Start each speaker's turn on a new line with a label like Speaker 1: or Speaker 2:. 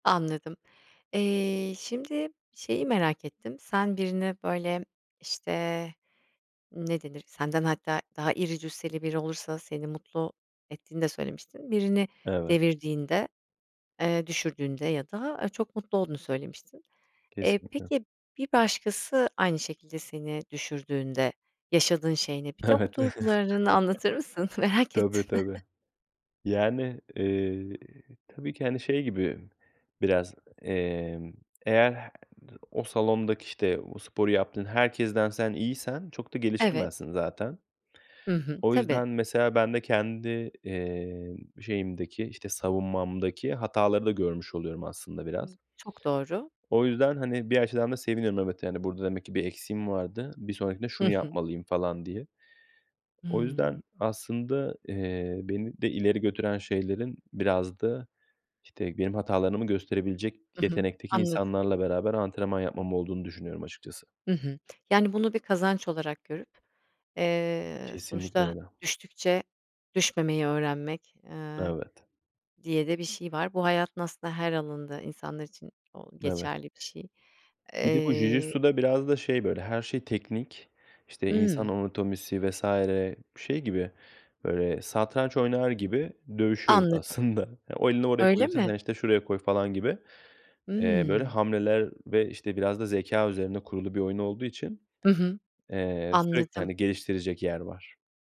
Speaker 1: Anladım. Eee, şimdi şeyi merak ettim; sen birini böyle, işte, ne denir? Senden hatta daha iri cüsseli biri olursa seni mutlu ettiğini de söylemiştin. Birini
Speaker 2: Evet.
Speaker 1: devirdiğinde, eee, düşürdüğünde ya da, aaa, çok mutlu olduğunu söylemiştin. Eee,
Speaker 2: Kesinlikle.
Speaker 1: peki bir başkası aynı şekilde seni düşürdüğünde yaşadığın şey ne? Bir de bu
Speaker 2: Evet.
Speaker 1: duygularını anlatır mısın? Merak ettim.
Speaker 2: Tabii, tabii. Yani, eee, tabii ki, hani, şey gibi biraz, emm, eğer he o salondaki, işte, o sporu yaptığın herkesten sen iyiysen çok da
Speaker 1: Evet.
Speaker 2: gelişemezsin zaten.
Speaker 1: Hı hı.
Speaker 2: O
Speaker 1: Tabii.
Speaker 2: yüzden mesela ben de kendi, eee, şeyimdeki, işte, savunmamdaki hataları da görmüş oluyorum aslında biraz.
Speaker 1: Çok doğru.
Speaker 2: O yüzden, hani, bir açıdan da seviniyorum. Evet, yani, "Burada demek ki bir eksiğim vardı, bir sonrakinde
Speaker 1: Hı
Speaker 2: şunu
Speaker 1: hı.
Speaker 2: yapmalıyım." falan diye. O
Speaker 1: Hıı.
Speaker 2: yüzden aslında, eee, beni de ileri götüren şeylerin biraz da, işte, benim hatalarımı gösterebilecek
Speaker 1: I hı.
Speaker 2: yetenekteki
Speaker 1: Anladı
Speaker 2: insanlarla beraber antrenman yapmam olduğunu düşünüyorum açıkçası.
Speaker 1: Hı hı. Yani, bunu bir kazanç olarak görüp, eee,
Speaker 2: Kesinlikle
Speaker 1: sonuçta
Speaker 2: öyle.
Speaker 1: düştükçe düşmemeyi öğrenmek, eee,
Speaker 2: Evet.
Speaker 1: diye de bir şey var. Bu hayatın aslında her alanında insanlar için o
Speaker 2: Evet.
Speaker 1: geçerli bir şey.
Speaker 2: Bir de bu Jiu
Speaker 1: Eee
Speaker 2: Jitsu'da biraz da şey böyle her şey teknik. İşte, insan
Speaker 1: Hıı.
Speaker 2: anatomisi vs. şey gibi, böyle, satranç oynar gibi dövüşüyoruz
Speaker 1: Anladım.
Speaker 2: aslında. Ya, o elini oraya
Speaker 1: Öyle
Speaker 2: koyduysan
Speaker 1: mi?
Speaker 2: sen, işte, şuraya koy falan gibi, eee, böyle
Speaker 1: Hıı.
Speaker 2: hamleler ve, işte, biraz da zekâ üzerine kurulu bir oyun olduğu için,
Speaker 1: Hı hı,
Speaker 2: eee, sürekli,
Speaker 1: anladım.
Speaker 2: hani, geliştirecek yer var.